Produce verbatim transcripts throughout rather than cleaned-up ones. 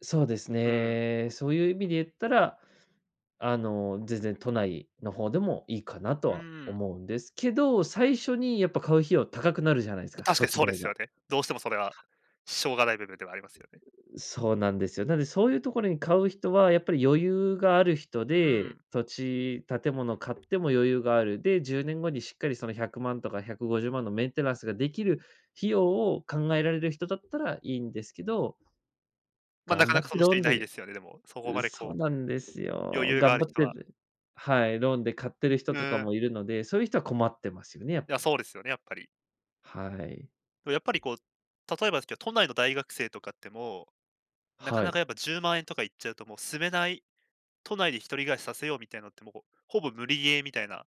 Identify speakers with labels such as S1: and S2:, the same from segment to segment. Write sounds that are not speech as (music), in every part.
S1: そうです
S2: うん。
S1: ね、そういう意味で言ったらあの、全然都内の方でもいいかなと
S2: う
S1: は
S2: ん。
S1: 思うんですけど、最初にやっぱ買う費用高くなるじゃないですか、
S2: 確か
S1: 土
S2: に
S1: 地
S2: そうで
S1: 代
S2: すよ
S1: が。
S2: ね。どうしてもそれは、しょうがない部分ではありますよね。
S1: そうなんですよ、なんでそういうところに買う人はやっぱり余裕がある人
S2: う
S1: で、
S2: ん。
S1: 土地、建物買っても余裕がある、でじゅうねんごにしっかりそのひゃくまんとかひゃくごじゅうまんのメンテナンスができる、費用を考えられる人だったらいいんですけど
S2: ま、な
S1: 頑
S2: かな
S1: 張
S2: か、
S1: っ
S2: そん
S1: て
S2: な
S1: ロー
S2: 人い
S1: ン
S2: ないで
S1: で
S2: すよね、でも、そこ
S1: うう、
S2: まで
S1: そう
S2: こ
S1: なんです
S2: う、余
S1: よ。
S2: 裕があ
S1: 頑
S2: る
S1: 張っ
S2: 人
S1: て
S2: は。
S1: (unintelligible) はい、ローンで買ってる人
S2: ふ
S1: とか
S2: ん。
S1: もいるので、そういう人は困ってますよね、やっ
S2: いや、
S1: ぱり。
S2: そうですよね、やっぱり。
S1: はい。
S2: やっぱりこう、例えばですけど、都内の大学生とかっても、なか
S1: は
S2: なか、
S1: い。
S2: やっぱ、じゅうまんえんとかいっちゃうともう住めない、都内で一人暮らしさせようみたいのってもう、ほぼ無理ゲーみたいな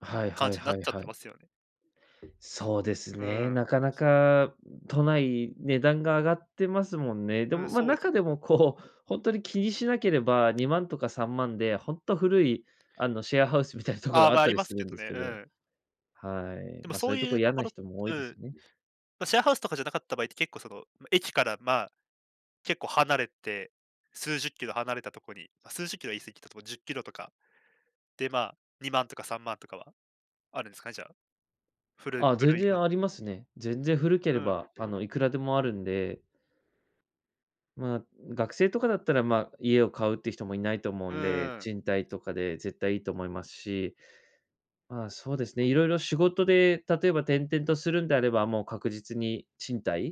S1: はい
S2: 感
S1: はい
S2: じにな
S1: は
S2: っ
S1: い
S2: ちゃって
S1: はい。
S2: ますよね。
S1: そうです
S2: う
S1: ね、
S2: ん。
S1: なかなか、都内値段が上がってますもんね。で
S2: うん、
S1: もま、
S2: そうですよ。
S1: 中でも、こう、本当に気にしなければ、にまんとかさんまんで本当古いあのシェアハウスみたいな (chuckles) とこ
S2: ああ、
S1: ろあ
S2: ま、
S1: っ
S2: あ
S1: た
S2: り
S1: り
S2: ま
S1: す
S2: す
S1: る
S2: け
S1: ん
S2: ど
S1: です
S2: ね、
S1: け
S2: う
S1: ど
S2: ん。
S1: はい、
S2: でも
S1: ま、
S2: そ
S1: そうい
S2: う
S1: うと
S2: い
S1: こ
S2: うと
S1: や
S2: こ
S1: な
S2: ろ
S1: 人も多い
S2: う
S1: ですよ
S2: ん、
S1: ね。
S2: ま、シェアハウスとかじゃなかった場合って、結構その、駅から、まあ、結構離れて、数十 km 離れたところに、ま、数十 km 過ぎたところ、じゅっキロとか、で、ま、にまんとかさんまんとかは、あるんすか、じゃあ。古い
S1: あ、全
S2: 古い感
S1: 然
S2: じ
S1: ありますね。全然古け
S2: う
S1: れ
S2: ん。
S1: ば、あの、いくらでもあるんで。まあ、学生とかだったら、まあ、家を買うっていう人もいないと思う
S2: う
S1: んで、
S2: ん。
S1: 賃貸とかで絶対いいと思いますし、まあ、そうですね、いろいろ仕事で、例えば転々とするんであれば、もう確実に賃貸？